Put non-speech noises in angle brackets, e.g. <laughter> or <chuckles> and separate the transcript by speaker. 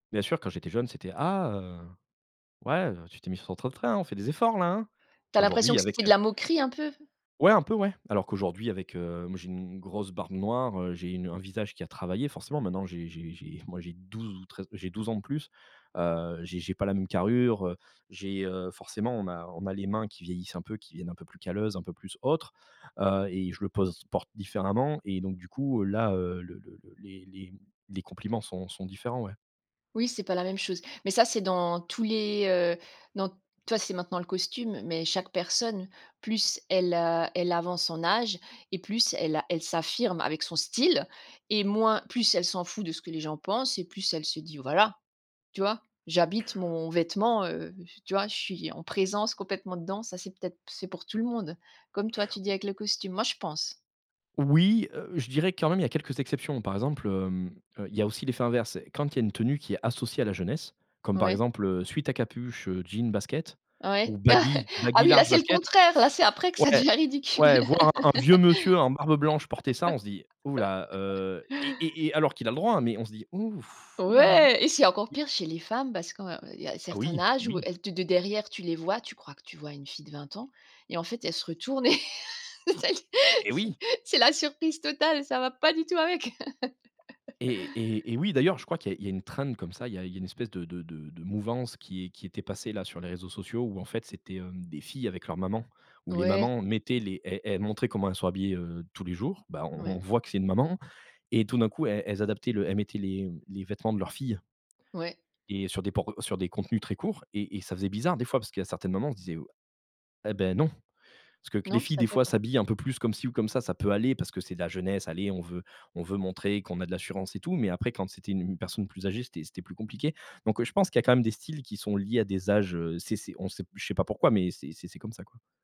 Speaker 1: Bien sûr, quand j'étais jeune, c'était: «Ah, heu, ouais, heu, tu t'es mis sur ton 31, on fait des efforts-là, hein»
Speaker 2: Tu as l'impression
Speaker 1: qu'aujourd'hui,
Speaker 2: que c'était
Speaker 1: avec
Speaker 2: de la moquerie, un peu?
Speaker 1: Ouais, un peu, ouais, alors qu'aujourd'hui avec, heu, moi, j'ai u une grosse barbe noire, heu, j'ai une un visage qui a travaillé, forcément. Maintenant j'ai j'ai j'ai moi, j'ai 12 ou 13 j'ai 12 ans de plus. Heu, j'ai j'ai pas la même carrure, heu, j'ai, heu, forcément, on a on a les mains qui vieillissent un peu, qui deviennent un peu plus calleuses, un peu plus autres, heu, et je le pose porte différemment et donc du coup, heu, là, heu, le le le les les les compliments sont sont différents, ouais.
Speaker 2: Oui, c'est pas la même chose, mais ça, c'est dans tous les, heu, dans t toi, c'est maintenant le costume, mais chaque personne, plus elle, heu, elle avance en âge et plus elle a elle s'affirme avec son style et moins plus elle s'en fout de ce que les gens pensent et plus elle se dit: «Voilà, tu vois, j'habite mon vêtement, heu, tu vois? Je suis en présence complètement dedans». Ça, c'est peut être c'est pour tout le monde. Comme toi, tu dis avec le costume. Moi, je pense.
Speaker 1: Oui, heu, je dirais, quand même, il y a quelques exceptions. Par exemple, hem, heu, il y a aussi l'effet inverse. Quand il y a une tenue qui est associée à la jeunesse, comme par
Speaker 2: Ouais.
Speaker 1: exemple, heu, sweat à capuche, heu, jeans, baskets
Speaker 2: Ouais,
Speaker 1: ou
Speaker 2: <chuckles>
Speaker 1: baggy
Speaker 2: ah,
Speaker 1: baggy
Speaker 2: oui, là,
Speaker 1: large,
Speaker 2: c'est le
Speaker 1: baskets,
Speaker 2: contraire, là, c'est après que ça
Speaker 1: ouais.
Speaker 2: devient ridicule.
Speaker 1: Ouais, voir un un vieux monsieur en barbe blanche porter ça, on se dit: «Hou là,
Speaker 2: <laughs>
Speaker 1: heu» et et et alors qu'il a le droit, hein, mais on se dit: «Ouf, hou là».
Speaker 2: Ouais et c'est encore pire chez les femmes parce que, heu, il y a un
Speaker 1: Ah!
Speaker 2: certain
Speaker 1: Oui,
Speaker 2: âge où
Speaker 1: oui.
Speaker 2: elles te de derrière, tu les vois, tu crois que tu vois une fille de 20 ans et en fait, elle se retourne <laughs> et c'est l
Speaker 1: Eh oui!
Speaker 2: c'est la surprise totale ça ne va pas du tout avec. <laughs>
Speaker 1: Eh eh eh oui, d'ailleurs, je crois qu'il y a il y a une trend, comme ça. il y a il y a une espèce de de de de mouvance qui est qui était passée, là, sur les réseaux sociaux où en fait, c'était, hem, des filles avec leur maman, où les
Speaker 2: Ouais.
Speaker 1: mamans mettaient les elles elles montraient comment elles sont habillées, heu, tous les jours. Bah, on
Speaker 2: Ouais.
Speaker 1: on voit que c'est une maman et tout d'un coup, elles elles adaptaient le elles mettaient les, mmh, les vêtements de leurs filles.
Speaker 2: Ouais.
Speaker 1: Et sur des por sur des contenus très courts et et ça faisait bizarre, des fois, parce qu'il y a certaines mamans, on se disait: «Ah, bah, non». Parce que que les
Speaker 2: Non,
Speaker 1: filles,
Speaker 2: ça le
Speaker 1: des
Speaker 2: fait
Speaker 1: fois,
Speaker 2: pas?
Speaker 1: s'habillent un peu plus comme ci ou comme ça, ça peut aller parce que c'est de la jeunesse. Allez, on veut on veut montrer qu'on a de l'assurance et tout, mais après, quand c'était u une personne plus âgée, c'était c'était plus compliqué, donc heu, je pense qu'il y a quand même des styles qui sont liés à des âges, heu, c'est c'est on c'est, je sais pas pourquoi, mais c'est c'est comme ça, quoi.